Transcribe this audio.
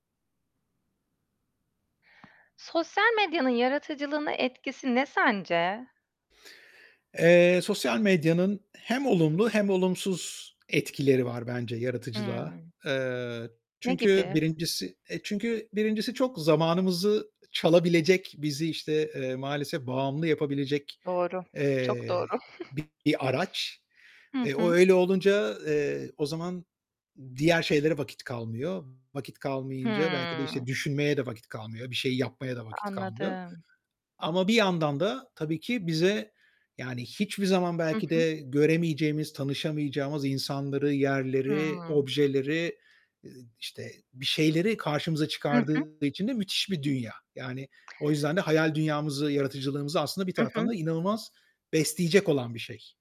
Sosyal medyanın yaratıcılığına etkisi ne sence? Eee, sosyal medyanın hem olumlu hem olumsuz etkileri var bence yaratıcılığa. Hımm. Eee, Ne çünkü gibi? 1.'si e, çünkü 1.'si çok zamanımızı çalabilecek, bizi, işte, eee, maalesef bağımlı yapabilecek, Doğru, çok eee, doğru. bir araç. Hı E, o hı. öyle olunca, eee, o zaman diğer şeylere vakit kalmıyor. Vakit kalmayınca belki de işte Hıı. düşünmeye de vakit kalmıyor, bir şeyi yapmaya da vakit kalmıyor Anladım. ama bir yandan da tabii ki bize, yani, hiçbir zaman Hı belki hı. de göremeyeceğimiz, tanışamayacağımız insanları, yerleri, Hıı. objeleri, işte, bir şeyleri karşımıza Hı hı. çıkardığı için de müthiş bir dünya. Yani, o yüzden de hayal dünyamızı, yaratıcılığımızı aslında bir Hı taraftan hı. da inanılmaz besleyecek olan bir şey.